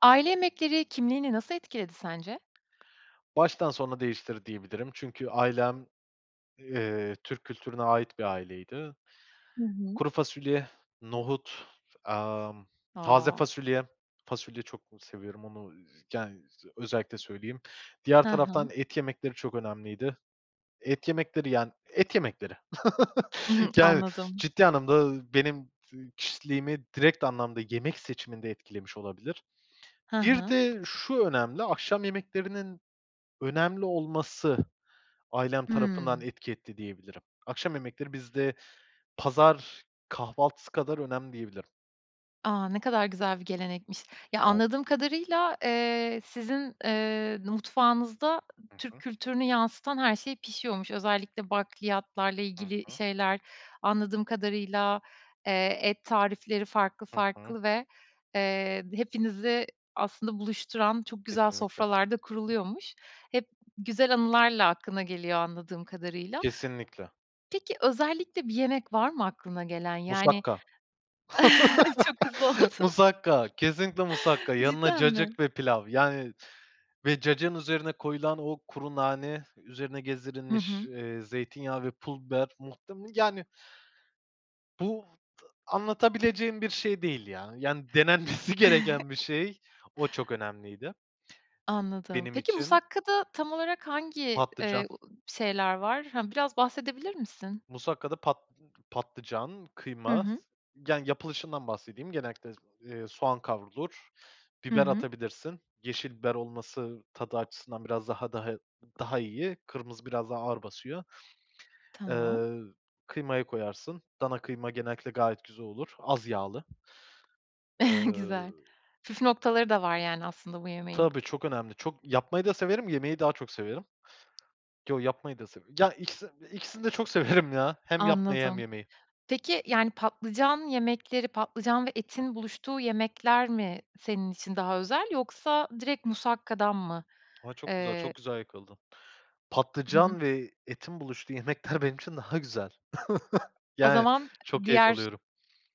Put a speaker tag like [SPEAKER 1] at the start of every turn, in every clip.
[SPEAKER 1] Aile yemekleri kimliğini nasıl etkiledi sence?
[SPEAKER 2] Baştan sona değiştirdi diyebilirim çünkü ailem, eee, Türk kültürüne ait bir aileydi.
[SPEAKER 1] Hı hı.
[SPEAKER 2] Kuru fasulye, nohut, ımm, taze
[SPEAKER 1] A!
[SPEAKER 2] fasulye, fasulye çok ı seviyorum onu, z yani z özellikle söyleyeyim. Diğer
[SPEAKER 1] Hı hı.
[SPEAKER 2] taraftan et yemekleri çok önemliydi. Et yemekleri, yani et yemekleri.
[SPEAKER 1] Hı hı.
[SPEAKER 2] Yani
[SPEAKER 1] Anladım.
[SPEAKER 2] ciddi anlamda, ııı, benim ı kişiliğimi direkt anlamda yemek seçiminde etkilemiş olabilir.
[SPEAKER 1] Hı
[SPEAKER 2] Bir
[SPEAKER 1] hı.
[SPEAKER 2] de şu önemli, akşam yemeklerinin önemli olması ailem tarafından
[SPEAKER 1] Hıı.
[SPEAKER 2] etki etti diyebilirim. Akşam yemekleri bizde pazar kahvaltısı kadar önemli diyebilirim.
[SPEAKER 1] A, ne kadar güzel bir gelenekmiş. Ya anladığım
[SPEAKER 2] [unintelligible]
[SPEAKER 1] kadarıyla, eee, sizin, eee, mutfağınızda
[SPEAKER 2] Hı
[SPEAKER 1] Türk
[SPEAKER 2] hı.
[SPEAKER 1] kültürünü yansıtan her şey pişiyormuş. Özellikle bakliyatlarla
[SPEAKER 2] Hı
[SPEAKER 1] ilgili
[SPEAKER 2] hı.
[SPEAKER 1] şeyler anladığım kadarıyla, eee, et tarifleri farklı
[SPEAKER 2] Hı hı.
[SPEAKER 1] farklı ve, eee, hepinizi aslında buluşturan çok güzel
[SPEAKER 2] Kesinlikle.
[SPEAKER 1] sofralar da kuruluyormuş. Hep güzel anılarla aklına geliyor anladığım kadarıyla
[SPEAKER 2] Kesinlikle.
[SPEAKER 1] peki özellikle bir yemek var mı aklına gelen yani
[SPEAKER 2] Musakka.
[SPEAKER 1] Çok hızlı oldu.
[SPEAKER 2] Musakka, kesinlikle musakka, yanına
[SPEAKER 1] Cidden mi?
[SPEAKER 2] cacık ve pilav yani ve cacığın üzerine koyulan o kuru nane, üzerine
[SPEAKER 1] Hı
[SPEAKER 2] gezdirilmiş,
[SPEAKER 1] hı.
[SPEAKER 2] eee, zeytinyağı ve pul biber, muhtem yani bu t anlatabileceğim bir şey değil ya, yani denenmesi gereken bir şey. O çok önemliydi
[SPEAKER 1] Anladım.
[SPEAKER 2] benim
[SPEAKER 1] Peki
[SPEAKER 2] için.
[SPEAKER 1] musakkada tam olarak hangi,
[SPEAKER 2] Patlıcan.
[SPEAKER 1] eee, ı şeyler var? Hı biraz bahsedebilir misin?
[SPEAKER 2] Musakkada pat patlıcan,
[SPEAKER 1] Hı
[SPEAKER 2] kıyma, s
[SPEAKER 1] hı.
[SPEAKER 2] yani yapılışından bahsedeyim. Genellikle, eee, soğan kavrulur.
[SPEAKER 1] Hı
[SPEAKER 2] Biber
[SPEAKER 1] hı.
[SPEAKER 2] atabilirsin. Yeşil biber olması tadı açısından biraz daha daha i daha iyi. Kırmızı biraz daha ağır basıyor.
[SPEAKER 1] Tamam.
[SPEAKER 2] Eee, kıymayı koyarsın, dana kıyma genellikle gayet güzel olur, az yağlı. Eee
[SPEAKER 1] Güzel, püf noktaları da var yani aslında bu yemeğin.
[SPEAKER 2] Tabii çok önemli, çok yapmayı da severim, yemeyi daha çok severim. Yo yapmayı da severim, ya ikisi ikisini de çok severim ya. Hem yapmayı hem
[SPEAKER 1] Anladım.
[SPEAKER 2] yemeyi.
[SPEAKER 1] Peki yani patlıcan yemekleri, patlıcan ve
[SPEAKER 2] Hı
[SPEAKER 1] etin
[SPEAKER 2] hı.
[SPEAKER 1] buluştuğu yemekler mi senin için daha özel yoksa direkt musakkadan mı?
[SPEAKER 2] A, çok güzel,
[SPEAKER 1] Eee
[SPEAKER 2] çok güzel yakaladın.
[SPEAKER 1] Hı hı.
[SPEAKER 2] Patlıcan ve etin buluştuğu yemekler benim için daha güzel.
[SPEAKER 1] O
[SPEAKER 2] Yani
[SPEAKER 1] zaman
[SPEAKER 2] çok keyif
[SPEAKER 1] diğer
[SPEAKER 2] alıyorum.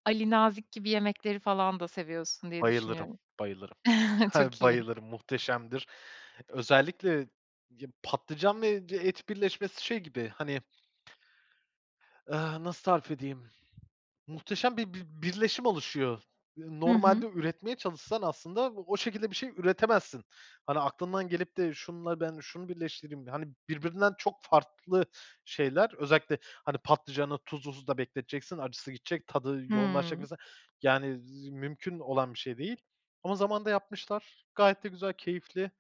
[SPEAKER 1] Ali Nazik gibi yemekleri falan da seviyorsun diye
[SPEAKER 2] Bayılırım,
[SPEAKER 1] düşünüyorum.
[SPEAKER 2] bayılırım. Yani
[SPEAKER 1] Çok iyi.
[SPEAKER 2] bayılırım, muhteşemdir. Özellikle ya patlıcan ve d et birleşmesi şey gibi, hani ııı, nasıl tarif edeyim? Muhteşem bir bir birleşim oluşuyor. Iıı,
[SPEAKER 1] Hı hı.
[SPEAKER 2] normalde üretmeye çalışsan aslında o şekilde bir şey üretemezsin. "Hani aklından gelip de şununla ben şunu birleştireyim." hani birbirinden çok farklı şeyler. Özellikle, hani patlıcanı tuzlu suda bekleteceksin, acısı gidecek, tadı yoğunlaşacak
[SPEAKER 1] Hıı.
[SPEAKER 2] mesela, yani, z mümkün olan bir şey değil ama zamanında yapmışlar. Gayet de güzel, keyifli.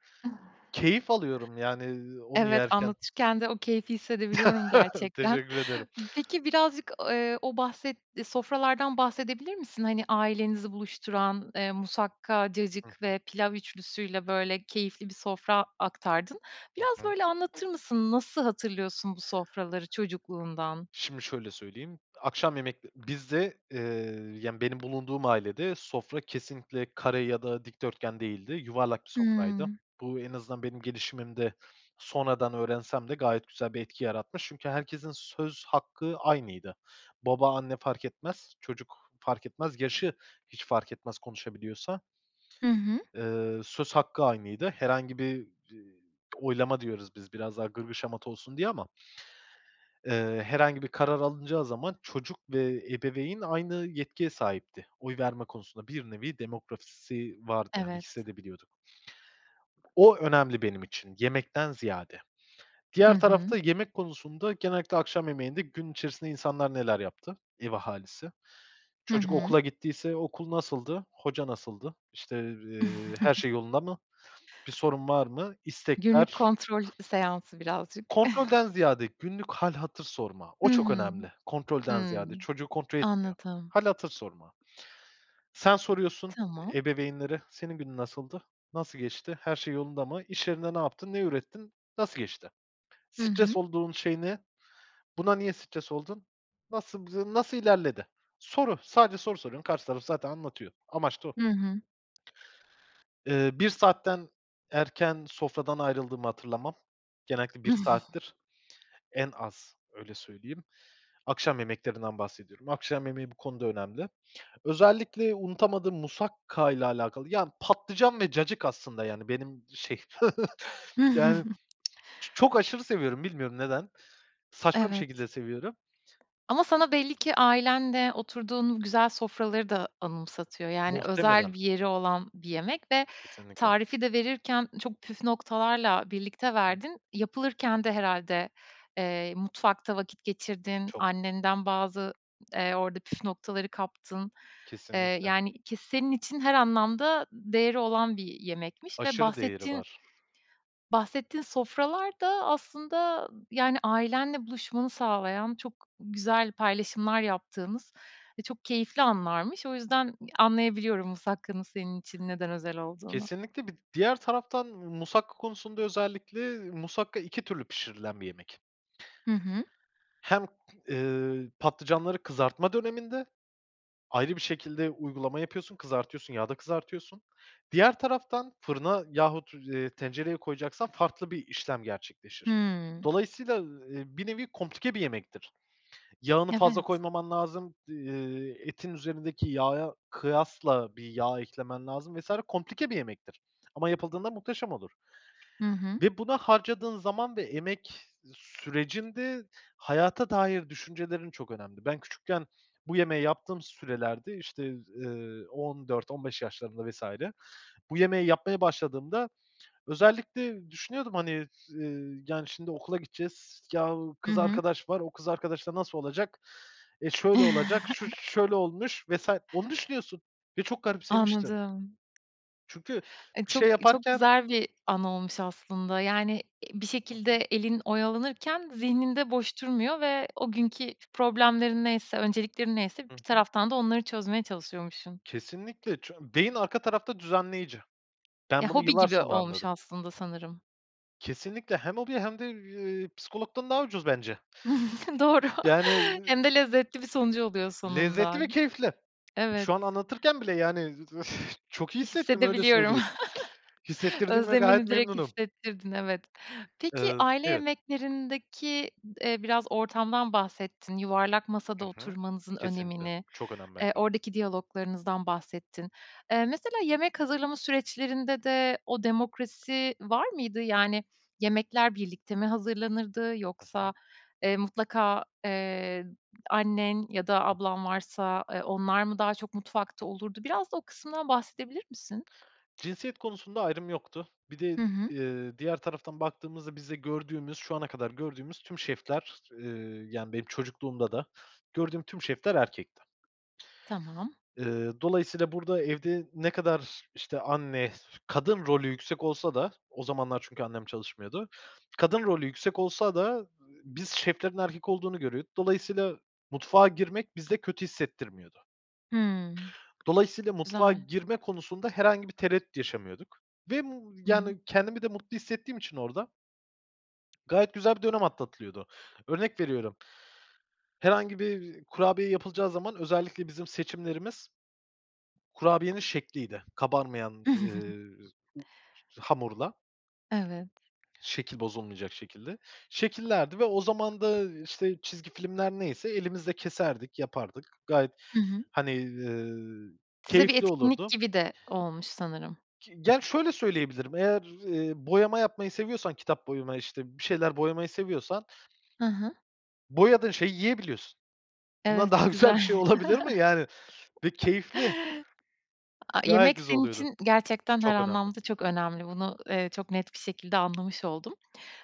[SPEAKER 2] Keyif alıyorum yani, ııı, onu
[SPEAKER 1] Evet
[SPEAKER 2] yerken.
[SPEAKER 1] anlatırken de o keyfi hissedebiliyorum gerçekten.
[SPEAKER 2] Teşekkür ederim.
[SPEAKER 1] Peki birazcık, i eee, o bahsetti sofralardan bahsedebilir misin? Hani ailenizi buluşturan, eee, musakka,
[SPEAKER 2] Hı
[SPEAKER 1] cacık
[SPEAKER 2] hı.
[SPEAKER 1] ve pilav ûçlüsüyle, böyle, keyifli bir sofra aktardın.
[SPEAKER 2] Hı
[SPEAKER 1] Biraz,
[SPEAKER 2] hı.
[SPEAKER 1] böyle, anlatır mısın? Nasıl hatırlıyorsun bu sofraları çocukluğundan?
[SPEAKER 2] Şimdi şöyle söyleyeyim, akşam yemekte bizde, eee, yani, benim bulunduğum ailede sofra kesinlikle kare ya da dikdörtgen değildi. Yuvarlak bir sofraydı.
[SPEAKER 1] Hıı.
[SPEAKER 2] Bu, en azından benim gelişimimde sonradan öğrensem de gayet güzel bir etki yaratmış çünkü herkesin söz hakkı aynıydı. Baba, anne fark etmez; çocuk fark etmez, yaşı hiç fark etmez, konuşabiliyorsa
[SPEAKER 1] Hı hı.
[SPEAKER 2] eee söz hakkı aynıydı. Herhangi bir d oylama diyoruz biz biraz daha gırgır şamata olsun diye ama eee herhangi bir karar alınacağı zaman çocuk ve ebeveyn aynı yetkiye sahipti. Oy verme konusunda bir nevi demokrasi vardı yani
[SPEAKER 1] Evet.
[SPEAKER 2] hissedebiliyorduk. O önemli benim için yemekten ziyade.
[SPEAKER 1] Hı
[SPEAKER 2] Diğer
[SPEAKER 1] hı.
[SPEAKER 2] tarafta yemek konusunda genellikle akşam yemeğinde gün içerisinde insanlar neler yaptı, ev ahalisi.
[SPEAKER 1] Hı
[SPEAKER 2] Çocuk
[SPEAKER 1] hı.
[SPEAKER 2] okula gittiyse okul nasıldı? Hoca nasıldı? İşte, eee, her şey yolunda mı, bir sorun var mı?
[SPEAKER 1] Günlük
[SPEAKER 2] İstekler
[SPEAKER 1] kontrol seansı birazcık.
[SPEAKER 2] Kontrolden ziyade günlük hâl hatır sorma. O
[SPEAKER 1] Hı
[SPEAKER 2] çok
[SPEAKER 1] hı.
[SPEAKER 2] önemli. Kontrolden
[SPEAKER 1] Hıı.
[SPEAKER 2] ziyade çocuğu kontrol etmiyor.
[SPEAKER 1] Anladım.
[SPEAKER 2] Hâl hatır sorma. Sen soruyorsun
[SPEAKER 1] Tamam.
[SPEAKER 2] ebeveynlere, "Senin günün nasıldı? Nasıl geçti? Her şey yolunda mı? İş yerinde ne yaptın? Ne ürettin? Nasıl geçti?
[SPEAKER 1] Hı
[SPEAKER 2] Stres
[SPEAKER 1] hı.
[SPEAKER 2] olduğun şey ne? Buna niye stres oldun? Nasıl, b nasıl ilerledi?" Soru, sadece soru soruyorsun. Karşı taraf zaten anlatıyor. Amaç da o.
[SPEAKER 1] Hı hı.
[SPEAKER 2] Eee, 1 saatten erken sofradan ayrıldığımı hatırlamam. Genellikle 1 saattir en az, öyle söyleyeyim. Akşam yemeklerinden bahsediyorum. Akşam yemeği bu konuda önemli. Özellikle unutamadığım musakka ile alakalı, yani patlıcan ve cacık aslında, yani benim şey, yani çok aşırı seviyorum bilmiyorum neden? Saçma bir
[SPEAKER 1] Evet.
[SPEAKER 2] şekilde seviyorum.
[SPEAKER 1] Ama sana belli ki ailenle oturduğun o güzel sofraları da anımsatıyor. Yani, özel
[SPEAKER 2] Muhtemelen.
[SPEAKER 1] bir yeri olan bir yemek ve
[SPEAKER 2] Kesinlikle.
[SPEAKER 1] tarifi de verirken çok püf noktalarla
[SPEAKER 2] Hı
[SPEAKER 1] birlikte
[SPEAKER 2] hı.
[SPEAKER 1] verdin. Yapılırken de herhâlde, eee, mutfakta vakit geçirdin,
[SPEAKER 2] Çok.
[SPEAKER 1] annenden bazı, eee, orada püf noktaları kaptın. Eee,
[SPEAKER 2] Kesinlikle.
[SPEAKER 1] yani ki senin için her anlamda değeri olan bir yemekmiş ve
[SPEAKER 2] Aşırı değeri
[SPEAKER 1] bahsettiğin
[SPEAKER 2] var.
[SPEAKER 1] bahsettiğin sofralar da aslında, ı yani, ailenle buluşmanı sağlayan çok güzel paylaşımlar yaptığınız ve çok keyifli anlarmış. O yüzden ı anlayabiliyorum musakkanın senin için neden özel olduğunu.
[SPEAKER 2] Kesinlikle, bir d diğer taraftan musakka konusunda özellikle musakka 2 türlü pişirilen bir yemek
[SPEAKER 1] Hı hı.
[SPEAKER 2] hem, ııı, patlıcanları kızartma döneminde ayrı bir şekilde uygulama yapıyorsun, kızartıyorsun, yağda kızartıyorsun. Diğer taraftan fırına yahut, eee, tencereye koyacaksan farklı bir işlem gerçekleşir.
[SPEAKER 1] Hıı.
[SPEAKER 2] Dolayısıyla, ııı, bir nevi komplike bir yemektir. Yağını fazla
[SPEAKER 1] Evet.
[SPEAKER 2] koymaman lazım, d eee, etin üzerindeki yağa kıyasla bir yağ eklemen lazım vs. komplike bir yemektir ama yapıldığında muhteşem olur
[SPEAKER 1] Hı hı.
[SPEAKER 2] ve buna harcadığın zaman ve emek sürecinde hayata dair düşüncelerin çok önemli. Ben küçükken bu yemeği yaptığım sürelerde işte, z eee, 14-15 yaşlarında vs. bu yemeği yapmaya başladığımda özellikle düşünüyordum, hani, eee, "Yani şimdi okula gideceğiz. Yahu
[SPEAKER 1] Hı
[SPEAKER 2] kız
[SPEAKER 1] hı.
[SPEAKER 2] arkadaş var, o kız arkadaşla nasıl olacak e, şöyle olacak, şu şöyle olmuş vs." Onu düşünüyorsun ve çok garipsemiştim.
[SPEAKER 1] Anladım.
[SPEAKER 2] Çünkü
[SPEAKER 1] E,
[SPEAKER 2] bir
[SPEAKER 1] çok
[SPEAKER 2] şey
[SPEAKER 1] çok
[SPEAKER 2] yaparken
[SPEAKER 1] güzel bir anı olmuş aslında, yani, eee, bir
[SPEAKER 2] Hı
[SPEAKER 1] şekilde
[SPEAKER 2] hı.
[SPEAKER 1] elin oyalanırken zihnin de boş durmuyor ve o günkü problemlerin neyse, önceliklerin neyse
[SPEAKER 2] Hı
[SPEAKER 1] bir
[SPEAKER 2] hı.
[SPEAKER 1] taraftan da onları çözmeye çalışıyormuşsun.
[SPEAKER 2] Kesinlikle, ç beyin arka tarafta düzenleyici.
[SPEAKER 1] Ya
[SPEAKER 2] Ben bunu
[SPEAKER 1] hobi
[SPEAKER 2] yıllar
[SPEAKER 1] gibi
[SPEAKER 2] sonra
[SPEAKER 1] olmuş
[SPEAKER 2] anladım.
[SPEAKER 1] aslında sanırım.
[SPEAKER 2] Kesinlikle hem hobi hem de, ııı, psikologdan daha ucuz bence.
[SPEAKER 1] Doğru.
[SPEAKER 2] Yani, ııı
[SPEAKER 1] Hem de lezzetli bir sonucu oluyor
[SPEAKER 2] Lezzetli
[SPEAKER 1] sonunda.
[SPEAKER 2] ve keyifli.
[SPEAKER 1] Evet.
[SPEAKER 2] Şu an anlatırken bile, yani öf, çok iyi
[SPEAKER 1] Eee,
[SPEAKER 2] hissettim, öyle
[SPEAKER 1] hissedebiliyorum.
[SPEAKER 2] söyleyeyim. Hissettirdiğime gayet
[SPEAKER 1] Özlemini direkt
[SPEAKER 2] memnunum.
[SPEAKER 1] hissettirdin, evet. Peki
[SPEAKER 2] Iıı,
[SPEAKER 1] aile
[SPEAKER 2] evet.
[SPEAKER 1] yemeklerindeki d eee, biraz ortamdan bahsettin, yuvarlak masada
[SPEAKER 2] Hı hı.
[SPEAKER 1] oturmanızın
[SPEAKER 2] Kesinlikle
[SPEAKER 1] önemini,
[SPEAKER 2] çok önemli
[SPEAKER 1] eee,
[SPEAKER 2] bence.
[SPEAKER 1] oradaki diyaloglarınızdan bahsettin. Eee, mesela yemek hazırlama süreçlerinde de o demokrasi var mıydı? Yani, yemekler birlikte mi hazırlanırdı
[SPEAKER 2] Hı hı.
[SPEAKER 1] yoksa, eee, mutlaka, eee, annen ya da ablan varsa, eee, onlar mı daha çok mutfakta
[SPEAKER 2] [unintelligible]
[SPEAKER 1] olurdu? Biraz da o kısımdan bahsedebilir misin?
[SPEAKER 2] Cinsiyet konusunda ayrım yoktu. Bir de,
[SPEAKER 1] Hı hı.
[SPEAKER 2] ııı, diğer taraftan baktığımızda bizde gördüğümüz, şu ana kadar gördüğümüz tüm şefler, ııı, yani, benim çocukluğumda da gördüğüm tüm şefler erkekti.
[SPEAKER 1] Tamam.
[SPEAKER 2] Iıı, dolayısıyla burada evde ne kadar işte anne, kadın rolü yüksek olsa da, o zamanlar çünkü annem çalışmıyordu, kadın rolü yüksek olsa da, ııı, biz şeflerin erkek olduğunu görüyorduk. Dolayısıyla mutfağa girmek bizde kötü hissettirmiyordu.
[SPEAKER 1] Hımm.
[SPEAKER 2] Dolayısıyla mutfağa
[SPEAKER 1] Güzel.
[SPEAKER 2] girme konusunda herhangi bir tereddüt yaşamıyorduk ve, ımm,
[SPEAKER 1] Hı hı.
[SPEAKER 2] yani, kendimi de mutlu hissettiğim için orada. Gayet güzel bir dönem atlatılıyordu. Örnek veriyorum. Herhangi bir, ııı, kurabiye yapılacağı zaman özellikle bizim seçimlerimiz kurabiyenin şekliydi kabarmayan, ııı, z u hamurla
[SPEAKER 1] Evet.
[SPEAKER 2] şekil bozulmayacak şekilde şekillerdi ve o zaman da, ııı, işte çizgi filmler neyse elimizle keserdik, yapardık. Gayet,
[SPEAKER 1] Hı hı.
[SPEAKER 2] hani, ııı,
[SPEAKER 1] Size bir
[SPEAKER 2] keyifli
[SPEAKER 1] etkinlik
[SPEAKER 2] olurdu.
[SPEAKER 1] gibi de olmuş sanırım.
[SPEAKER 2] Ki ge ya, şöyle söyleyebilirim, eğer, eee, boyama yapmayı seviyorsan, kitap boyama işte bir şeyler boyamayı seviyorsan
[SPEAKER 1] Hı hı.
[SPEAKER 2] boyadığın şeyi yiyebiliyorsun. Bundan
[SPEAKER 1] Evet
[SPEAKER 2] daha güzel
[SPEAKER 1] güzel.
[SPEAKER 2] bir şey olabilir mi, yani, ve keyifli.
[SPEAKER 1] A
[SPEAKER 2] Gayet
[SPEAKER 1] yemek
[SPEAKER 2] güzel
[SPEAKER 1] senin
[SPEAKER 2] oluyordu,
[SPEAKER 1] için gerçekten her
[SPEAKER 2] çok önemli.
[SPEAKER 1] anlamda çok önemli. Bunu, eee, çok net şekilde anlamış oldum.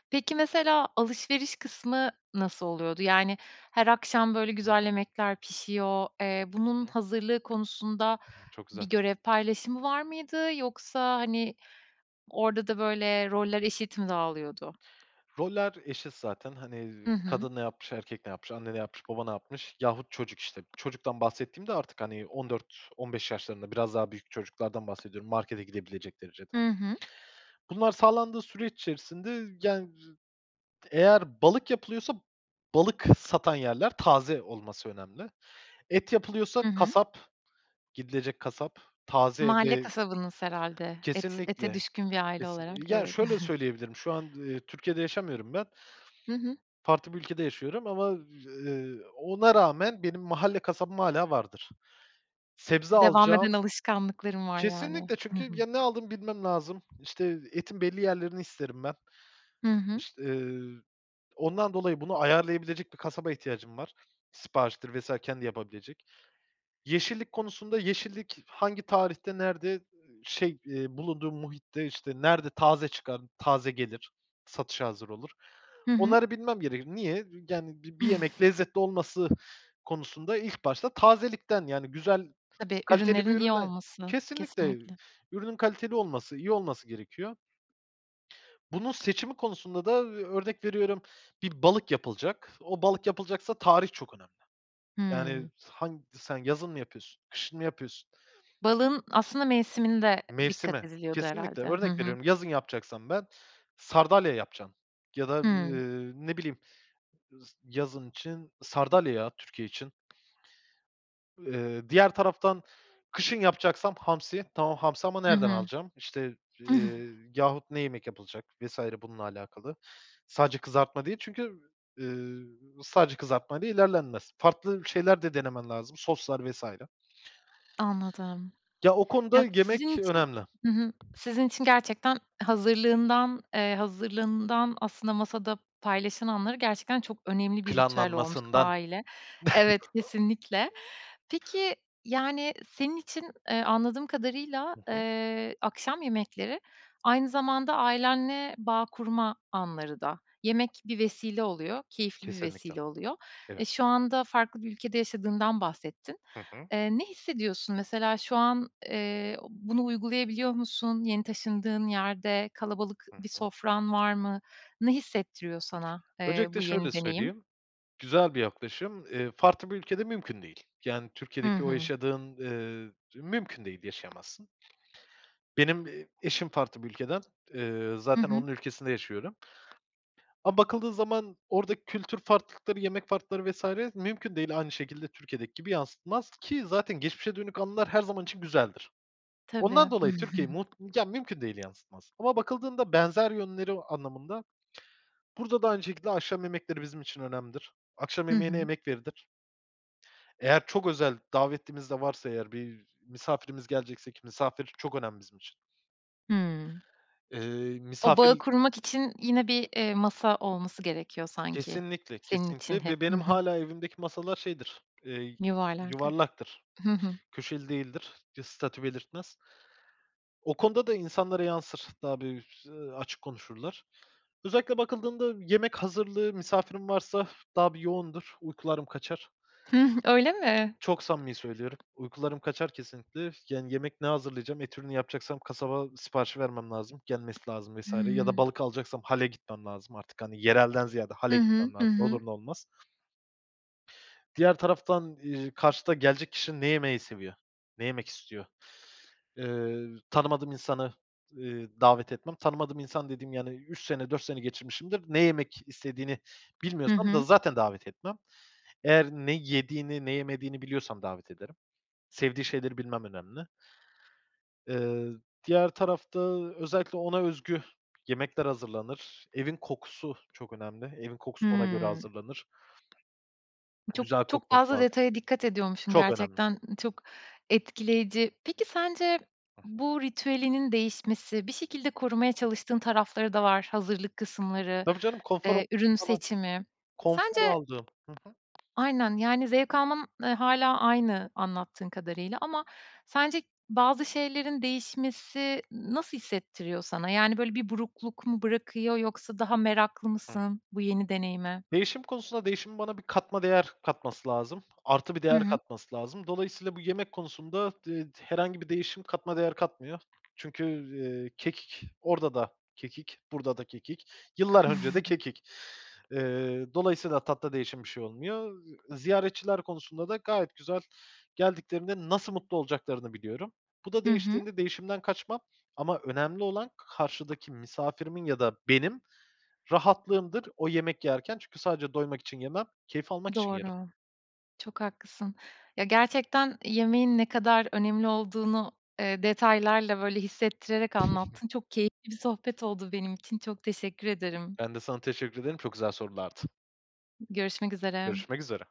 [SPEAKER 1] Peki, mesela alışveriş kısmı nasıl oluyordu? Yani, her akşam böyle
[SPEAKER 2] Hı.
[SPEAKER 1] güzel yemekler pişiyor, eee, bunun
[SPEAKER 2] Hı.
[SPEAKER 1] hazırlığı konusunda
[SPEAKER 2] Çok güzel.
[SPEAKER 1] bir görev paylaşımı var mıydı? Yoksa, hani, orada da böyle roller eşit mi dağılıyordu?
[SPEAKER 2] Roller eşit zaten. Hani, ııı,
[SPEAKER 1] Hı hı.
[SPEAKER 2] kadın ne yapmış, erkek ne yapmış, anne ne yapmış, baba ne yapmış yahut çocuk işte. Çocuktan bahsettiğim de artık hani 14-15 yaşlarında, biraz daha büyük çocuklardan bahsediyorum, markete gidebilecek derecede.
[SPEAKER 1] Hı hı.
[SPEAKER 2] Bunlar sağlandığı süreç içerisinde, yani, ııı, z eğer balık yapılıyorsa balık satan yerler taze olması önemli. Et yapılıyorsa
[SPEAKER 1] Hı hı.
[SPEAKER 2] kasap, gidilecek kasap, taze
[SPEAKER 1] Mahalle
[SPEAKER 2] ve
[SPEAKER 1] kasabanız herhâlde. Et ete
[SPEAKER 2] kesinlikle,
[SPEAKER 1] düşkün bir aile olarak
[SPEAKER 2] kesin ya,
[SPEAKER 1] evet.
[SPEAKER 2] şöyle söyleyebilirim şu an, ııı, Türkiye'de yaşamıyorum ben.
[SPEAKER 1] Hı hı.
[SPEAKER 2] Farklı bir ülkede yaşıyorum ama, ııı, ona rağmen benim mahalle kasabım hâlâ vardır. Sebze
[SPEAKER 1] Devam eden
[SPEAKER 2] alacağım
[SPEAKER 1] alışkanlıkların var yani.
[SPEAKER 2] Kesinlikle
[SPEAKER 1] Hı
[SPEAKER 2] çünkü
[SPEAKER 1] hı.
[SPEAKER 2] ya, ne aldığımı bilmem lazım, işte etin belli yerlerini isterim ben.
[SPEAKER 1] Hı hı.
[SPEAKER 2] İş ııı, ondan dolayı bunu ayarlayabilecek bir kasaba ihtiyacım var. Sipariştir vs. kendi yapabilecek. Yeşillik konusunda yeşillik hangi tarihte nerede, şey, eee, bulunduğu muhitte, işte, nerede taze çıkar, taze gelir, satışa hazır olur.
[SPEAKER 1] Hı hı.
[SPEAKER 2] Onları bilmem gerekir. Niye? Yani, bi bir yemek lezzetli olması konusunda ilk başta tazelikten, yani, güzel,
[SPEAKER 1] Tabii,
[SPEAKER 2] kaliteli bir
[SPEAKER 1] ürünlerin iyi
[SPEAKER 2] üründen
[SPEAKER 1] olması
[SPEAKER 2] Kesinlikle
[SPEAKER 1] kesinlikle.
[SPEAKER 2] ürünün kaliteli olması, iyi olması gerekiyor. Bunun seçimi konusunda da, ııı, örnek veriyorum, bir balık yapılacak. O balık yapılacaksa tarih çok önemli. Yani,
[SPEAKER 1] Hımm.
[SPEAKER 2] han sen yazın mı yapıyorsun, kışın mı yapıyorsun.
[SPEAKER 1] Balığın aslında mevsiminde dikkat
[SPEAKER 2] Mevsimi
[SPEAKER 1] ediliyordu
[SPEAKER 2] kesinlikle
[SPEAKER 1] herhâlde. Hı
[SPEAKER 2] örnek
[SPEAKER 1] hı.
[SPEAKER 2] veriyorum yazın yapacaksam ben sardalya yapacağım ya da,
[SPEAKER 1] Hıı.
[SPEAKER 2] ııı, ne bileyim z yazın için sardalya ya Türkiye için. Eee, diğer taraftan kışın yapacaksam hamsi. Tamam, hamsi ama
[SPEAKER 1] Hı
[SPEAKER 2] nereden
[SPEAKER 1] hı.
[SPEAKER 2] alacağım işte, eee, yahut ne yemek yapılacak vs. bununla alakalı. Sadece kızartma değil çünkü, ııı, sadece kızartma ile ilerlenmez. Farklı şeyler de denemen lazım soslar vs.
[SPEAKER 1] Anladım.
[SPEAKER 2] Ya, o konuda
[SPEAKER 1] Ya,
[SPEAKER 2] yemek
[SPEAKER 1] sizin için
[SPEAKER 2] önemli.
[SPEAKER 1] hı hı, sizin için gerçekten hazırlığından, eee, hazırlığından aslında masada paylaşılanları gerçekten çok önemli bir ritüel olmuş.
[SPEAKER 2] Planlanmasından.
[SPEAKER 1] Aile, evet, kesinlikle. Peki, yani, senin için, eee, anladığım kadarıyla,
[SPEAKER 2] Hı hı.
[SPEAKER 1] eee, akşam yemekleri aynı zamanda ailenle bağ kurma anları da yemek bir vesile oluyor keyifli bir
[SPEAKER 2] Kesinlikle,
[SPEAKER 1] vesile oluyor.
[SPEAKER 2] evet.
[SPEAKER 1] E, şu anda farklı bir ülkede yaşadığından bahsettin.
[SPEAKER 2] Hı hı.
[SPEAKER 1] Eee, ne hissediyorsun mesela şu an, eee, bunu uygulayabiliyor musun? Yeni taşındığın yerde kalabalık
[SPEAKER 2] Hı
[SPEAKER 1] bir
[SPEAKER 2] hı.
[SPEAKER 1] sofran var mı? Ne hissettiriyor sana, eee,
[SPEAKER 2] Öncelikle
[SPEAKER 1] bu
[SPEAKER 2] şöyle
[SPEAKER 1] yeni deneyim?
[SPEAKER 2] söyleyeyim, güzel bir yaklaşım, eee, farklı bir ülkede mümkün değil. Yani,
[SPEAKER 1] Hı
[SPEAKER 2] Türkiye'deki o
[SPEAKER 1] hı.
[SPEAKER 2] yaşadığın, ııı, mümkün değil, yaşayamazsın. Benim, eee, eşim farklı bir ülkeden, eee,
[SPEAKER 1] Hı
[SPEAKER 2] zaten
[SPEAKER 1] hı.
[SPEAKER 2] onun ülkesinde yaşıyorum. Ama bakıldığı zaman oradaki kültür farklılıkları, yemek farklılıkları vs. mümkün değil, aynı şekilde Türkiye'deki gibi yansıtmaz ki zaten geçmişe dönük anılar her zaman için güzeldir.
[SPEAKER 1] Tabii.
[SPEAKER 2] Ondan dolayı Türkiye'yi mut ya, mümkün değil yansıtmaz. Ama bakıldığında benzer yönleri anlamında. Burada da aynı şekilde akşam yemekleri bizim için önemlidir. Akşam
[SPEAKER 1] Hı
[SPEAKER 2] yemeğine
[SPEAKER 1] hı.
[SPEAKER 2] emek verilir. Eğer çok özel davetlimiz de varsa eğer bir misafirimiz gelecekse ki misafir çok önemli bizim için.
[SPEAKER 1] Hımm.
[SPEAKER 2] Eee,
[SPEAKER 1] O bağı
[SPEAKER 2] misafir
[SPEAKER 1] kurmak için yine bir, eee, masa olması gerekiyor sanki
[SPEAKER 2] Kesinlikle,
[SPEAKER 1] senin için
[SPEAKER 2] kesinlikle.
[SPEAKER 1] hep.
[SPEAKER 2] Ve
[SPEAKER 1] Hı
[SPEAKER 2] benim
[SPEAKER 1] hı.
[SPEAKER 2] hâlâ evimdeki masalar şeydir, eee,
[SPEAKER 1] Yuvarlak, hıı.
[SPEAKER 2] yuvarlaktır,
[SPEAKER 1] Hı hı.
[SPEAKER 2] köşeli değildir, bir statü belirtmez. O konuda da insanlara yansır, daha bir, ııı, açık konuşurlar. Özellikle bakıldığında yemek hazırlığı misafirim varsa daha bir yoğundur, uykularım kaçar.
[SPEAKER 1] Hıh, öyle mi?
[SPEAKER 2] Çok samimi söylüyorum, uykularım kaçar kesinlikle. Yani, yemek ne hazırlayacağım, et ürünü yapacaksam kasaba siparişi vermem lazım, gelmesi lazım vs. Ya da
[SPEAKER 1] Hımm.
[SPEAKER 2] balık alacaksam hale gitmem lazım artık, hani, yerelden ziyade hale
[SPEAKER 1] Hı hı,
[SPEAKER 2] gitmem lazım,
[SPEAKER 1] hı
[SPEAKER 2] ne
[SPEAKER 1] hı.
[SPEAKER 2] olur ne olmaz. Diğer taraftan, ııı, karşıda gelecek kişi ne yemeyi seviyor, ne yemek istiyor? Eee, tanımadığım insanı, eee, davet etmem, tanımadığım insan dediğim yani 3 sene, 4 sene geçirmişimdir, ne yemek istediğini
[SPEAKER 1] Hı
[SPEAKER 2] bilmiyorsam da
[SPEAKER 1] hı.
[SPEAKER 2] zaten davet etmem. Eğer ne yediğini, ne yemediğini biliyorsam davet ederim. Sevdiği şeyleri bilmem önemli. Iıı, diğer tarafta özellikle ona özgü yemekler hazırlanır, evin kokusu çok önemli, evin kokusu ona göre
[SPEAKER 1] Hımm.
[SPEAKER 2] hazırlanır.
[SPEAKER 1] Çok
[SPEAKER 2] Güzel
[SPEAKER 1] çok
[SPEAKER 2] kokması
[SPEAKER 1] fazla
[SPEAKER 2] lazım,
[SPEAKER 1] detaya dikkat ediyormuşsun
[SPEAKER 2] çok önemli.
[SPEAKER 1] gerçekten, çok etkileyici. Peki sence
[SPEAKER 2] Hı hı.
[SPEAKER 1] bu ritüelinin değişmesi bir şekilde korumaya çalıştığın tarafları da var. Hazırlık kısımları,
[SPEAKER 2] Tabii canım, konfor.
[SPEAKER 1] eee, ürün
[SPEAKER 2] [unintelligible]
[SPEAKER 1] seçimi. Sence
[SPEAKER 2] Konfor aldığım, hı hı.
[SPEAKER 1] Aynen, yani, zevk alman hâlâ aynı anlattığın kadarıyla ama sence bazı şeylerin değişmesi nasıl hissettiriyor sana? Yani, böyle bir burukluk mu bırakıyor yoksa daha meraklı mısın bu yeni deneyime?
[SPEAKER 2] Değişim konusunda değişimin bana bir katma değer katması lazım. Artı bir
[SPEAKER 1] Hı
[SPEAKER 2] değer
[SPEAKER 1] hı.
[SPEAKER 2] katması lazım. Dolayısıyla bu yemek konusunda d ııı, herhangi bir değişim katma değer katmıyor. Çünkü, eee, kekik orada da kekik, burada da kekik, yıllar önce de kekik. Eee, dolayısıyla tatta değişen bir şey olmuyor. Iıı, ziyaretçiler konusunda da gayet güzel geldiklerinde nasıl mutlu olacaklarını biliyorum. Bu da
[SPEAKER 1] Hı hı.
[SPEAKER 2] değiştiğinde değişimden kaçmam ama önemli olan karşıdaki misafirimin ya da benim rahatlığımdır o yemek yerken. Çünkü sadece doymak için yemem, keyif almak için yerim.
[SPEAKER 1] Doğru. Çok haklısın. Ya, gerçekten yemeğin ne kadar önemli olduğunu, eee, detaylarla, böyle, hissettirerek anlattın. Çok keyifli bir sohbet oldu benim için çok teşekkür ederim.
[SPEAKER 2] Ben de sana teşekkür ederim, çok güzel sorulardı.
[SPEAKER 1] Görüşmek üzere.
[SPEAKER 2] Görüşmek üzere.